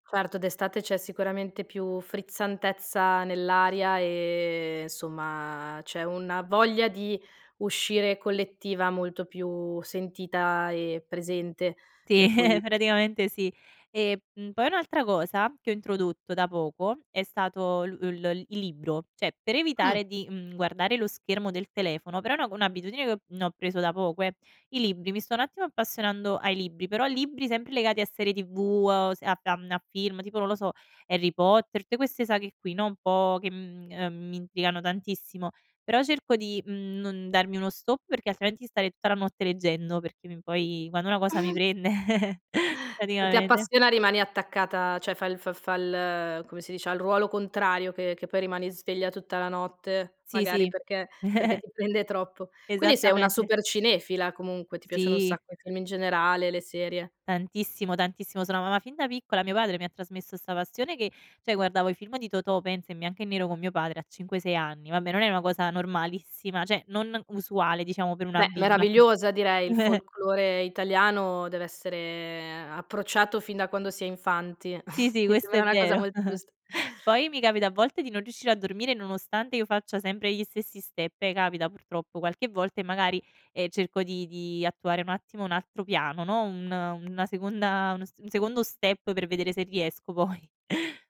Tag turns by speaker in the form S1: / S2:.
S1: Certo d'estate c'è sicuramente più frizzantezza nell'aria, ehm, somma, c'è una voglia di uscire collettiva molto più sentita e presente,
S2: Sì,
S1: per cui
S2: praticamente sì. E, mhmm, poi un'altra cosa, che ho introdotto da poco, è stato l l il libro, cioè per
S1: Mh.
S2: evitare di, mhmm, guardare lo schermo del telefono però è un'ago un'abitudine che no preso da poco, eh; i libri, mi sto un attimo appassionando ai libri, però libri sempre legati a serie tv, uhm, s a f a mhmm, a film, tipo, non lo so, Harry Potter, te queste saghe qui, no, un po' che, mhmm, ehm, mi intrigano tantissimo, però cerco di, mhmm, non darmi uno stop perché altrimenti stare i tutta la notte leggendo, perché mi poi quando una cosa mi prende
S1: E ti
S2: praticamente
S1: appassiona rimani attaccata cioè fa il f fa l come si dice, ha il ruolo contrario che che poi rimani sveglia tutta la notte,
S2: Sì,
S1: magari
S2: sì.
S1: perché perché ti prende troppo. Quindi sei una
S2: Esattamente.
S1: super cinefila comunque, ti piacciono un
S2: Sì.
S1: sacco i film in generale, le serie.
S2: Tantissimo, tantissimo. Sono ama ma fin da piccola mio padre mi ha trasmesso sta passione che cioè guardavo i film di Totò pensa, in bianco e nero, con mio padre a 5, 6 anni; vabbè, non è una cosa normalissima, cioè non usuale, diciamo, per una
S1: Beh,
S2: bimba.
S1: meravigliosa direi, il folklore italiano dev'essere approcciato fin da quando si è infanti.
S2: Sì, sì
S1: Mi
S2: questo
S1: sembra
S2: è
S1: una cosa
S2: vero.
S1: molto giust
S2: Poi mi capita a volte di non riuscire a dormire nonostante io faccia sempre gli stessi step, eh capita purtroppo qualche volta e magari, ehm, cerco di di attuare un attimo un altro piano, no, un una seconda una s un secondo step, per vedere se riesco poi.